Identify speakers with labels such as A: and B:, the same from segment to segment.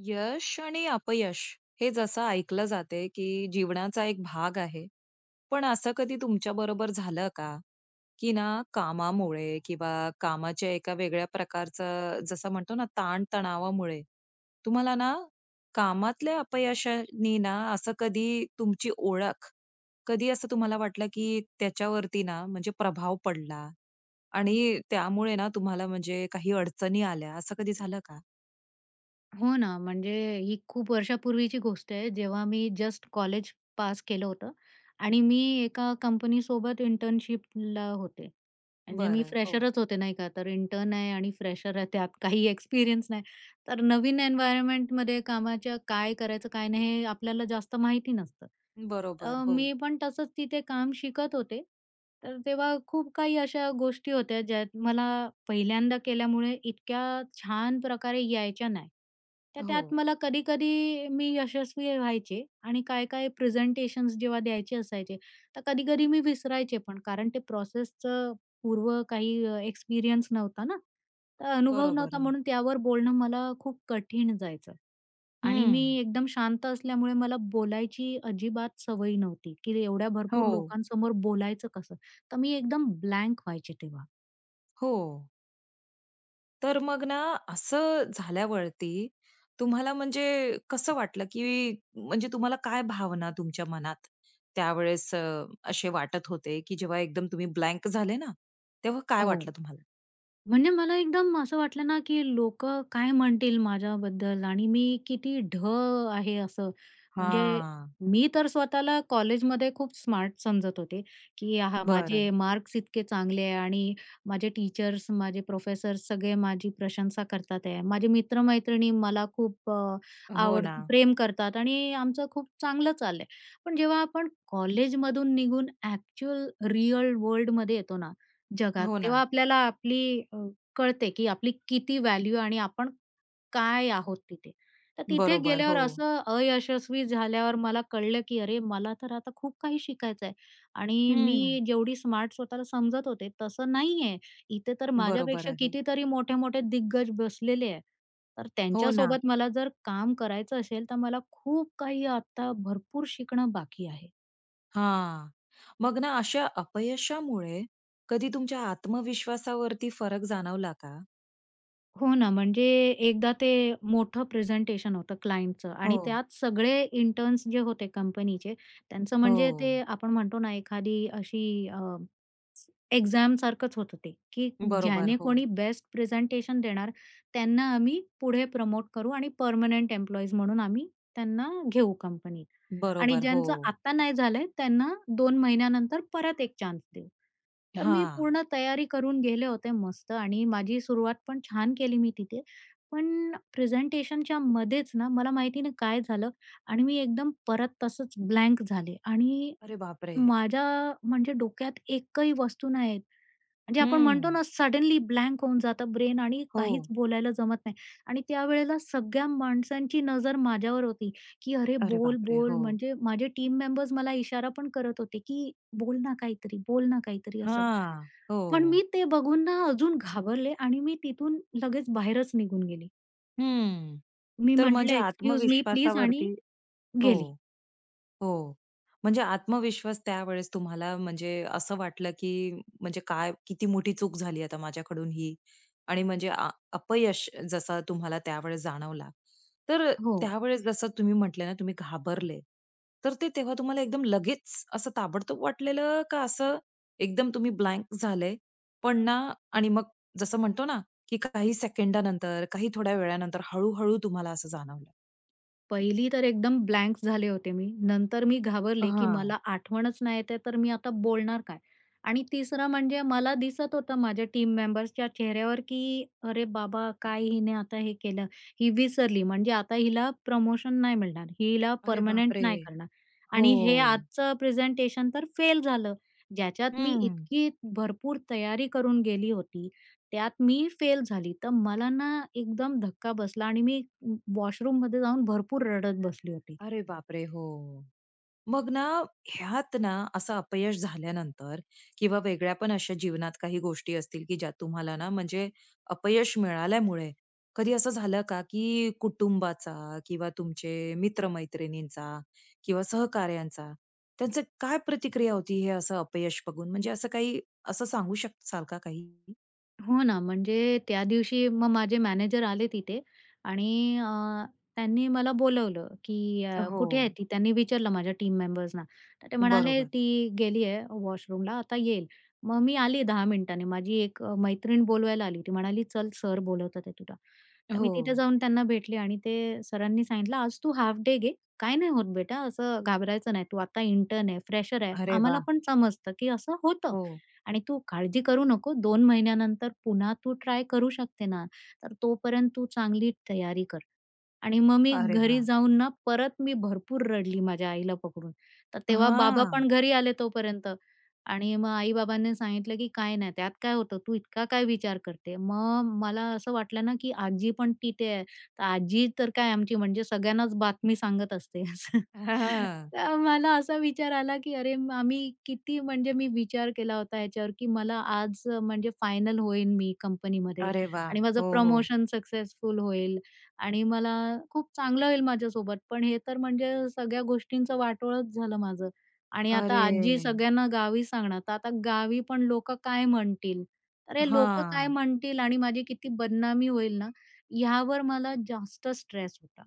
A: यश आणि अपयश, हे जसं ऐकलं जातंय की जीवनाचा एक भाग आहे. पण असं कधी तुमच्याबरोबर झालं का, की ना कामामुळे किंवा कामाच्या एका वेगळ्या प्रकारचं जसं म्हणतो ना ताणतणावामुळे, तुम्हाला ना, कामातल्या अपयशांनी ना असं कधी तुमची ओळख, कधी असं तुम्हाला वाटलं की त्याच्यावरती ना, म्हणजे प्रभाव पडला आणि त्यामुळे ना तुम्हाला म्हणजे काही अडचणी आल्या असं कधी झालं का?
B: हो ना. म्हणजे ही खूप वर्षापूर्वीची गोष्ट आहे, जेव्हा मी जस्ट कॉलेज पास केलं होतं आणि मी एका कंपनीसोबत इंटर्नशिपला होते. म्हणजे मी
A: बरं, हो.
B: फ्रेशरच होते, नाही का, तर इंटर्न आहे आणि फ्रेशर आहे त्यात काही एक्सपिरियन्स नाही, तर नवीन एन्व्हायरमेंटमध्ये कामाच्या काय करायचं, काय नाही हे आपल्याला जास्त माहिती नसतं.
A: बरोबर,
B: अ,
A: हो.
B: मी पण तसंच तिथे काम शिकत होते, तर तेव्हा खूप काही अशा गोष्टी होत्या ज्यात मला पहिल्यांदा केल्यामुळे इतक्या छान प्रकारे यायच्या नाही. तर त्यात
A: हो.
B: मला कधी-कधी मी यशस्वी व्हायचे आणि काय-काय प्रेझेंटेशन्स जेव्हा द्यायचे असायचे तर कधी-कधी मी विसरायचे पण, कारण ते प्रोसेसचं पूर्व काही अ, एक्सपिरियन्स नव्हता ना. तर अनुभव नव्हता
A: बरोबर.
B: म्हणून त्यावर बोलणं मला खूप कठीण जायचं आणि मी
A: हं.
B: एकदम शांत असल्यामुळे मला बोलायची अजिबात सवय नव्हती की एवढ्या भरपूर
A: हो.
B: लोकांसमोर बोलायचं कसं? तर मी एकदम ब्लँक व्हायचे तेव्हा.
A: हो. तर मग ना असं झाल्यावरती, तुम्हाला म्हणजे कसं वाटलं? की म्हणजे तुम्हाला काय भावना तुमच्या मनात त्यावेळेस अ, असे वाटत होते, की जेव्हा एकदम तुम्ही ब्लँक झाले ना, तेव्हा काय
B: हो.
A: वाटलं तुम्हाला?
B: म्हणजे मला एकदम असं वाटलं ना, की लोकं काय म्हणतील माझ्याबद्दल आणि मी किती ढ आहे असं. म्हणजे,
A: हां.
B: मी तर स्वतःला कॉलेजमध्ये खूप स्मार्ट समजत होते, की हां, माझे
A: बरं.
B: मार्क्स इतके चांगले आहे आणि माझे टीचर्स, माझे प्रोफेसर्स सगळे माझी प्रशंसा करतात आहेत. माझे मित्र-मैत्रिणी मला खूप अ,
A: हो
B: आवड
A: ना.
B: प्रेम करतात आणि आमचं खूप चांगलं चाललं आहे. पण जेव्हा आपण कॉलेजमधून निघून ॲक्चुअल रियल वर्ल्डमध्ये येतो ना, जगात,
A: हो
B: तेव्हा
A: ना.
B: आपल्याला आपली अ, कळते, की आपली किती व्हॅल्यू आणि आपण काय आहोत तिथे. तर तिथे
A: बरोबर.
B: गेल्यावर
A: हो.
B: असं अयशस्वी झाल्यावर मला कळलं, की अरे मला तर आता खूप काही शिकायचं आहे. आणि मी
A: हं.
B: जेवढी स्मार्ट स्वतःला समजत होते तसं नाही आहे. इथे तर
A: बरोबर
B: माझ्यापेक्षा
A: आहे.
B: कितीतरी मोठे-मोठे दिग्गज बसलेले आहे. तर
A: हो ना.
B: त्यांच्यासोबत मला जर काम करायचं असेल, तर मला खूप काही आता भरपूर शिकणं बाकी आहे.
A: हां, मग ना अशा अपयशामुळे कधी तुमच्या आत्मविश्वासावरती फरक जाणवला का?
B: हो ना, म्हणजे एकदा ते मोठं प्रेझेंटेशन होतं क्लायंटचं आणि
A: हो.
B: त्यात सगळे इंटर्न्स जे होते कंपनीचे, त्यांचं म्हणजे ते
A: हो.
B: आपण म्हणतो ना एखादी अशी अ, एक्झामसारखंच होतं ते, की
A: बरोबर
B: ज्याने
A: हो.
B: कोणी बेस्ट प्रेझेंटेशन देणार, त्यांना आम्ही पुढे प्रमोट करू आणि पर्मनंट एम्प्लॉईज म्हणून आम्ही त्यांना घेऊ कंपनीत आणि
A: बरोबर
B: ज्यांचं
A: हो.
B: आता नाही झालं आहे, त्यांना 2 महिन्यानंतर परत 1 चान्स देऊ. तर मी
A: हां.
B: पूर्ण तयारी करून गेले होते मस्त आणि माझी सुरुवात पण छान केली मी तिथे, पण प्रेझेंटेशनच्यामध्येच ना मला माहिती नाही काय झालं आणि मी एकदम परत तसंच ब्लँक झाले. आणि,
A: अरे बापरे!
B: माझ्या म्हणजे डोक्यात एकही वस्तू नाहीये, म्हणजे आपण म्हणतो ना
A: हं.
B: सडनली ब्लँक होऊन जातं ब्रेन आणि काहीच
A: हो.
B: बोलायला जमत नाही. आणि त्यावेळेला सगळ्या माणसांची नजर माझ्यावर होती की "अरे!
A: अरे
B: बोल,
A: बापरे!
B: बोल."
A: हो.
B: म्हणजे माझे टीम मेंबर्स मला इशारा पण करत होते की "बोल ना काहीतरी. बोल ना काहीतरी," असं.
A: हां,
B: पण मी
A: हो.
B: ते बघून ना अजून घाबरले आणि मी तिथून लगेच बाहेरच निघून गेले.
A: हं.
B: मी
A: तर
B: म्हटलं,
A: म्हणजे
B: "एक्सक्यूज मी प्लीज" आणि
A: आत्मविश्वासावरती हो,
B: गेली.
A: हो, म्हणजे आत्मविश्वास त्यावेळेस तुम्हाला म्हणजे असं वाटलं, की म्हणजे काय किती मोठी चूक झाली आता माझ्याकडून ही? आणि म्हणजे अ, अपयश जसं तुम्हाला त्यावेळेस जाणवला, तर अ,
B: हो.
A: त्यावेळेस जसं तुम्ही म्हटले ना तुम्ही घाबरले तर ते तेव्हा तुम्हाला एकदम लगेच असं ताबडतोब वाटलेलं का, असं एकदम तुम्ही ब्लँक झाले, पण ना आणि मग जसं म्हणतो ना की काही सेकंदानंतर, काही थोड्या वेळानंतर, हळू-हळू तुम्हाला असं जाणवलं.
B: पहिली तर एकदम ब्लँक झाले होते मी, नंतर मी घाबरले, की
A: हां.
B: मला आठवणच नाही येत आहे तर मी आता बोलणार काय? आणि तिसरं म्हणजे मला दिसत होतं माझ्या टीम मेंबर्सच्या चेहऱ्यावर की "अरे बाबा काय हिने आता हे केलं, ही विसरली म्हणजे आता हिला प्रमोशन नाही मिळणार, हिला
A: अरे
B: पर्मनंट
A: बापरे!
B: नाही करणार आणि हे
A: हो.
B: आजचं प्रेझेंटेशन तर फेल झालं." ज्याच्यात मी
A: हं.
B: इतकी भरपूर तयारी करून गेली होती त्यात मी फेल झाली. तर मला ना एकदम धक्का बसला आणि मी व वॉशरूममध्ये जाऊन भरपूर रडत बसली होती.
A: अरे बापरे! हो. मग ना ह्यात ना असं अपयश झाल्यानंतर किंवा वेगळ्या पण अशा जीवनात काही गोष्टी असतील, की ज्या तुम्हाला ना म्हणजे अपयश मिळाल्यामुळे कधी असं झालं का, की कुटुंबाचा किंवा तुमचे मित्र-मैत्रिणींचा किंवा सहकार्यांचा, त्यांचं काय प्रतिक्रिया होती हे असं अपयश बघून? म्हणजे असं काही असं सांगू शकाल का काही?
B: हो ना, म्हणजे त्या दिवशी मग माझे मॅनेजर आले तिथे आणि अ, त्यांनी मला बोलावलं की अ, "कुठे आहे
A: हो.
B: ती?" त्यांनी विचारलं माझ्या टीम मेंबर्सना. तर ते म्हणाले,
A: बरोबर.
B: "ती गेली आहे वॉशरूमला. आता येईल." मग मी आली 10 मिनिटांनी, माझी एक अ, मैत्रीण बोलवायला आली. ती म्हणाली, "चल, सर बोलवतात आहेत तुला." तर मी तिथं
A: हो.
B: जाऊन त्यांना भेटले आणि ते सरांनी सांगितलं, "आज तू हाफ डे घे. काही नाही होत बेटा, असं घाबरायचं नाही. तू आता इंटर्न आहे, फ्रेशर आहे,
A: अरे
B: आम्हाला
A: वाह!
B: पण समजतं की असं होतं
A: हो.
B: आणि तू काळजी करू नको. 2 महिन्यानंतर पुन्हा तू ट्राय करू शकते ना. तर तोपर्यंत तू चांगली तयारी कर." आणि मग मी
A: अरे
B: घरी
A: वाह!
B: जाऊन ना परत मी भरपूर रडली माझ्या आईला पकडून. तर तेव्हा बाबा
A: हां.
B: पण घरी आले तोपर्यंत आणि मग आई-बाबांनी सांगितलं की "काय नाही. त्यात काय होतं? तू इतका काय विचार करते?" मग मला असं वाटलं ना की आजी पण तिथे आहे, तर आजी तर काय आमची म्हणजे सगळ्यांनाच बातमी सांगत असते असं.
A: हां, हां.
B: तेव्हा मला असा विचार आला की अरे मा मी किती म्हणजे मी विचार केला होता याच्यावर की मला आज म्हणजे फायनल होईन मी कंपनीमध्ये
A: अरे वाह!
B: आणि माझं
A: हो, हो.
B: प्रमोशन सक्सेसफुल होईल आणि मला खूप चांगलं होईल माझ्यासोबत. पण हे तर म्हणजे सगळ्या गोष्टींचं वाटोळच झालं माझं आणि आता आजी
A: अरे!
B: सगळ्यांना गावी सांगणार. तर आता गावी पण लोकं काय म्हणतील? अरे! लोकं काय
A: हां.
B: म्हणतील आणि माझी किती बदनामी होईल ना, यावर मला जास्त स्ट्रेस होता.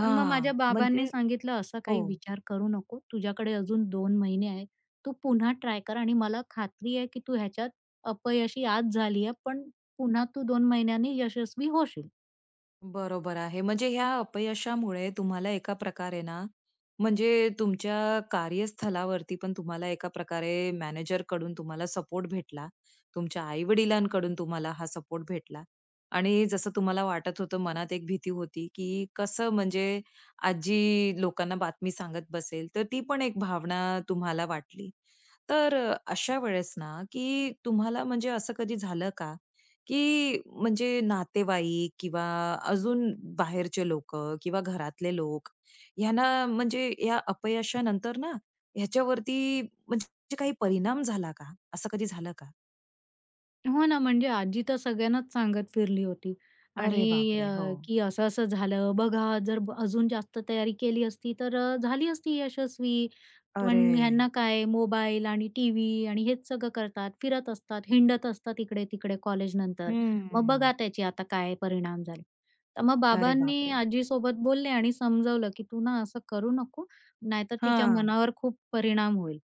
B: पण मग माझ्या बाबांनी
A: म्हणजे
B: सांगितलं, "असा
A: हो.
B: काही विचार करू नको. तुझ्याकडे अजून 2 महिने आहेत. तू पुन्हा ट्राय कर आणि मला खात्री आहे की तू ह्याच्यात, अपयशी आज झाली आहे, पण पुन्हा तू 2 महिन्यांनी यशस्वी होशील."
A: बरोबर आहे, म्हणजे ह्या अपयशामुळे तुम्हाला एका प्रकारे ना म्हणजे तुमच्या कार्यस्थलावरती पण तुम्हाला एका प्रकारे मॅनेजरकडून तुम्हाला सपोर्ट भेटला, तुमच्या आई-वडिलांकडून तुम्हाला हा सपोर्ट भेटला आणि जसं तुम्हाला वाटत होतं, मनात एक भीती होती की कसं म्हणजे आजी लोकांना बातमी सांगत बसेल, तर ती पण एक भावना तुम्हाला वाटली. तर अ, अशा वेळेस ना की तुम्हाला म्हणजे असं कधी झालं का की म्हणजे नातेवाईक किंवा अजून बाहेरचे लोकं किंवा घरातले लोक, ह्यांना म्हणजे या अपयशानंतर ना ह्याच्यावरती म्हणजे काही परिणाम झाला का? असं कधी झालं का?
B: हो ना, म्हणजे आजी तर सगळ्यांनाच सांगत फिरली होती.
A: अरे
B: आणि
A: बापरे!
B: अ
A: हो.
B: की "असं-असं झालं. बघा जर अजून जास्त तयारी केली असती, तर अ, झाली असती यशस्वी. पण
A: अरे!
B: ह्यांना काय मोबाईल आणि टीव्ही आणि हेच सगळं करतात, फिरत असतात, हिंडत असतात इकडे-तिकडे कॉलेजनंतर. मग
A: हम्म.
B: बघा त्याचे आता काय परिणाम झाले." तर मग
A: अरे
B: बाबांनी
A: बापरे!
B: आजीसोबत बोलले आणि समजवलं की "तू ना असं करू नको. नाहीतर तिच्या
A: हां.
B: मनावर खूप परिणाम होईल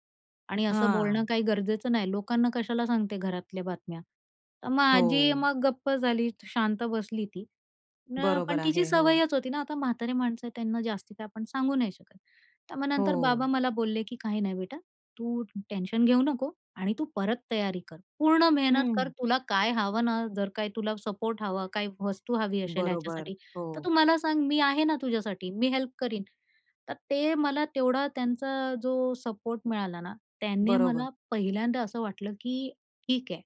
B: आणि असं बोलणं
A: हां.
B: काही गरजेचं नाही. लोकांना कशाला सांगते घरातल्या बातम्या?" तर मग आजी
A: हो.
B: मग गप्प झाली. शांत बसली ती. न पण
A: बरोबर
B: तिची
A: आहे. हो.
B: सवयच होती ना. आता म्हातारी माणसं, त्यांना जास्ती काय आपण सांगू नाही शकत. तर मग नंतर बाबा
A: हो.
B: मला बोलले की "काही नाही बेटा, तू टेन्शन घेऊ नको आणि तू परत तयारी कर. पूर्ण मेहनत कर,
A: हं.
B: तुला काय हवं ना, जर काय तुला सपोर्ट हवा, काही वस्तू हवी असेल
A: बरोबर,
B: ह्याच्यासाठी, तर तू
A: हो.
B: मला सांग. मी आहे ना तुझ्यासाठी. मी हेल्प करीन." तर ते मला तेवढा त्यांचा जो सपोर्ट मिळाला ना, त्यानी
A: बरोबर.
B: मला पहिल्यांदा असं वाटलं की "ठीक आहे.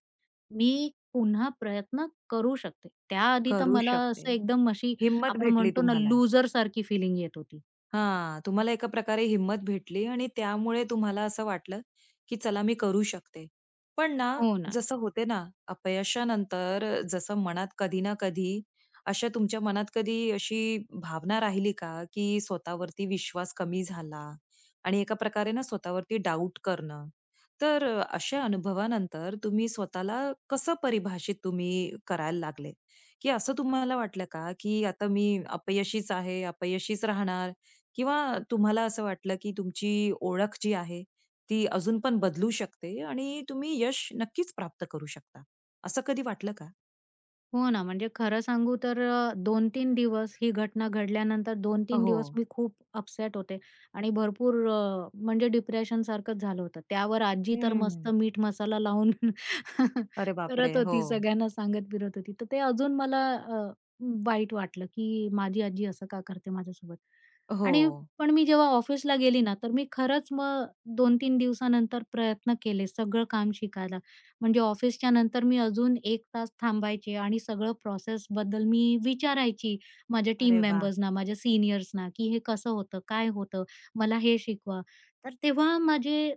B: मी पुन्हा प्रयत्न करू शकते." त्या आधी तर
A: करू
B: मला
A: शकते.
B: असं एकदम अशी
A: हिंमत
B: आपण
A: भेटली
B: म्हणतो ना,
A: तुम्हाला.
B: लूजर सारखी फिलिंग येत होती.
A: हां. तुम्हाला एका प्रकारे हिंम्मत भेटली आणि त्यामुळे तुम्हाला असं वाटलं, की चला मी करू शकते. पण ना,
B: हो ना.
A: जसं होते ना अपयशानंतर, जसं मनात कधी ना कधी, असा तुमच्या मनात कधी अशी भावना राहिली का की स्वतःवरती विश्वास कमी झाला आणि एका प्रकारे ना स्वतःवरती डाऊट करणं? तर अ, अशा अनुभवानंतर तुम्ही स्वतःला कसं परिभाषित तुम्ही करायला लागले? की असं तुम्हाला वाटलं का, की आता मी अपयशीच आहे, अपयशीच राहणार? किंवा तुम्हाला असं वाटलं की तुमची ओळख जी आहे ती अजून पण बदलू शकते आणि तुम्ही यश नक्कीच प्राप्त करू शकता. असं कधी वाटलं का?
B: हो ना, म्हणजे खरं सांगू तर अ, 2-3 दिवस ही घटना घडल्यानंतर दोन
A: अ,
B: तीन दिवस
A: हो.
B: मी खूप अपसेट होते आणि भरपूर अ, म्हणजे डिप्रेशनसारखंच झालं होतं. त्यावर आजी तर मस्त
A: हं.
B: मीठ-मसाला लावून
A: अरे बापरे!
B: करत होती,
A: हो.
B: सगळ्यांना सांगत फिरत होती, तर ते अजून मला अ, वाईट वाटलं, की माझी आजी असं का करते माझ्यासोबत. आणि
A: हो.
B: पण मी जेव्हा ऑफिसला गेली ना, तर मी खरंच मग 2-3 दिवसानंतर प्रयत्न केले, सगळं काम शिकायला. म्हणजे ऑफिसच्यानंतर मी अजून 1 तास थांबायचे आणि सगळं प्रोसेसबद्दल मी विचारायची माझ्या टीम
A: अरे वाह!
B: मेंबर्सना, माझ्या सीनियर्सना, की हे कसं होतं? काय होतं? मला हे शिकवा. तर तेव्हा माझे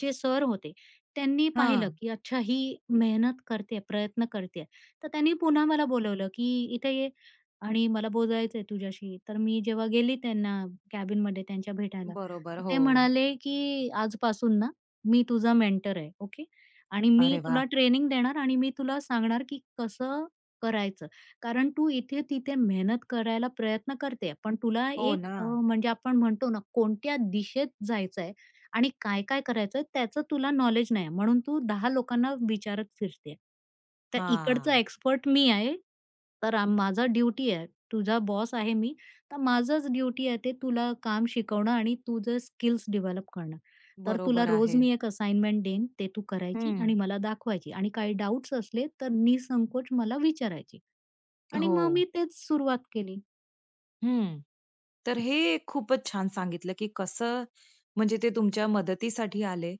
B: जे सर होते त्यांनी पाहिलं,
A: हां.
B: की अच्छा ही मेहनत करते आहे, प्रयत्न करते आहे. तर त्यांनी पुन्हा मला बोलावलं की "इथे ये आणि मला बोलायचं आहे तुझ्याशी." तर मी जेव्हा गेली त्यांना कॅबिनमध्ये त्यांच्या भेटायला.
A: बरोबर.
B: तर ते
A: हो.
B: म्हणाले की "आजपासून ना मी तुझा मेंटर आहे, ओके. आणि मी
A: अरे वाह!
B: तुला ट्रेनिंग देणार आणि मी तुला सांगणार की कसं करायचं. कारण तू इथे-तिथे मेहनत करायला प्रयत्न करतेय, पण तुला
A: हो,
B: एक अ,
A: ना.
B: म्हणजे आपण म्हणतो ना कोणत्या दिशेत जायचंय आणि काय-काय करायचंय त्याचं तुला नॉलेज नाही आहे. म्हणून तू 10 लोकांना विचारत फिरते, तर इकडचा
A: हां.
B: एक्सपर्ट मी आहे, तर माझा ड्युटी आहे. तुझा बॉस आहे मी, तर माझंच ड्युटी आहे, ते तुला काम शिकवणं आणि तुझे स्किल्स डेव्हलप करणं. तर तुला
A: बरोबर
B: रोज
A: आहे.
B: मी 1 असाइनमेंट देईन, ते तू करायची
A: हं.
B: आणि मला दाखवायची आणि काही डाउट्स असले तर निःसंकोच मला विचारायची." आणि मग मी
A: हो.
B: तेच सुरुवात केली.
A: हं. तर हे खूपच छान सांगितलं की कसं, म्हणजे ते तुमच्या मदतीसाठी आले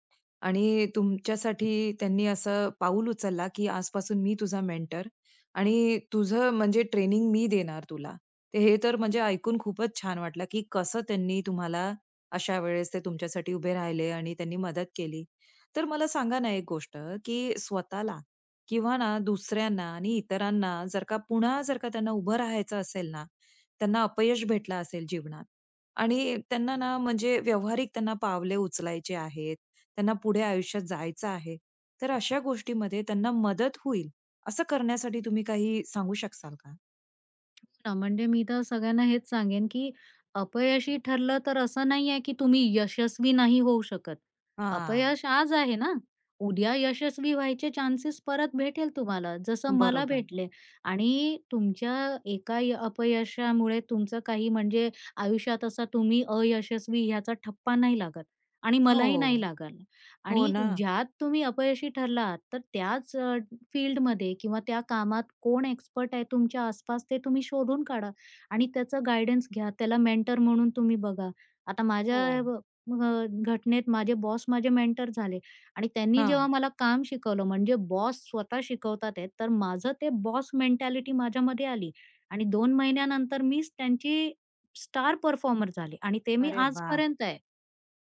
A: आणि तुमच्यासाठी त्यांनी असं पाऊल उचललं की आजपासून मी तुझा मेंटर आणि तुझं म्हणजे ट्रेनिंग मी देणार तुला. तर हे तर म्हणजे ऐकून खूपच छान वाटलं की कसं त्यांनी तुम्हाला अशा वेळेस ते तुमच्यासाठी उभे राहिले आणि त्यांनी मदत केली. तर मला सांगा ना एक गोष्ट की स्वतःला किंवा ना दुसऱ्यांना आणि इतरांना जर का पुन्हा जर का त्यांना उभं राहायचं असेल ना, त्यांना अपयश भेटलं असेल जीवनात आणि त्यांना ना म्हणजे व्यावहारिक त्यांना पावले उचलायचे आहेत. त्यांना पुढे आयुष्यात जायचं आहे, तर अशा गोष्टीमध्ये त्यांना मदत होईल असं करण्यासाठी तुम्ही काही सांगू शकशाल का?
B: हो ना, म्हणजे मी तर सगळ्यांना हेच सांगेन की, अपयशी ठरलं तर असं नाही आहे, की तुम्ही यशस्वी नाही होऊ शकत.
A: हां.
B: अपयश आज आहे ना, उद्या यशस्वी व्हायचे चान्सेस परत भेटेल तुम्हाला, जसं मला
A: बरोबर.
B: भेटले. आणि, तुमच्या एका अ, अपयशामुळे तुमचं काही म्हणजे आयुष्यात असा तुम्ही अयशस्वी ह्याचा ठप्पा नाही लागत आणि मलाही नाही
A: हो.
B: लागल.
A: हो
B: आणि,
A: ना.
B: ज्यात तुम्ही अपयशी ठरलात, तर त्याच अ, फील्डमध्ये किंवा त्या कामात कोण एक्सपर्ट आहे तुमच्या आस-पास, ते तुम्ही शोधून काढा आणि त्याचं गाईडन्स घ्या. त्याला मेंटर म्हणून तुम्ही बघा. आता माझ्या
A: हो.
B: ब ब घटनेत माझे बॉस माझे मेंटर झाले आणि त्यांनी जेव्हा
A: हां.
B: मला काम शिकवलं, म्हणजे बॉस स्वतः शिकवतात आहेत, तर माझं ते बॉस मेंटॅलिटी माझ्यामध्ये आली आणि 2 महिन्यानंतर मीच त्यांची स्टार परफॉर्मर झाले आणि ते मी
A: अरे वाह!
B: आजपर्यंत आहे.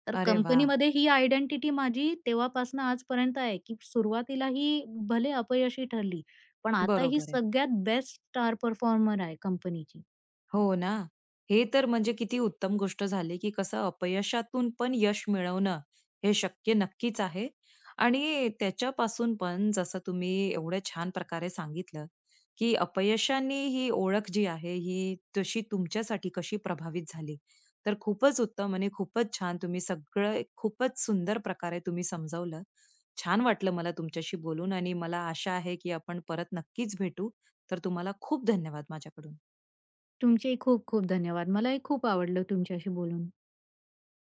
B: तर
A: अरे वाह!
B: कंपनीमध्ये ही आयडेंटिटी माझी तेव्हापासून आजपर्यंत आहे, की सुरुवातीला ही भले अपयशी ठरली, पण आता ही
A: बरोबर आहे.
B: सगळ्यात बेस्ट स्टार परफॉर्मर आहे कंपनीची.
A: हो ना, हे तर म्हणजे किती उत्तम गोष्ट झाली की कसं अपयशातून पण यश मिळवणं हे शक्य नक्कीच आहे. आणि, त्याच्यापासून पण जसं तुम्ही एवढ्या छान प्रकारे सांगितलं, की अपयशांनी ही ओळख जी आहे, ही तशी तुमच्यासाठी कशी प्रभावित झाली. तर खूपच उत्तम आणि खूपच छान. तुम्ही सगळं खूपच सुंदर प्रकारे समजावलं. छान वाटलं मला तुमच्याशी बोलून आणि मला आशा आहे की आपण परत नक्कीच भेटू. तर तुम्हाला खूप धन्यवाद, माझ्याकडून.
B: तुमचे खूप-खूप धन्यवाद, मला ही खूप आवडलं तुमच्याशी बोलून.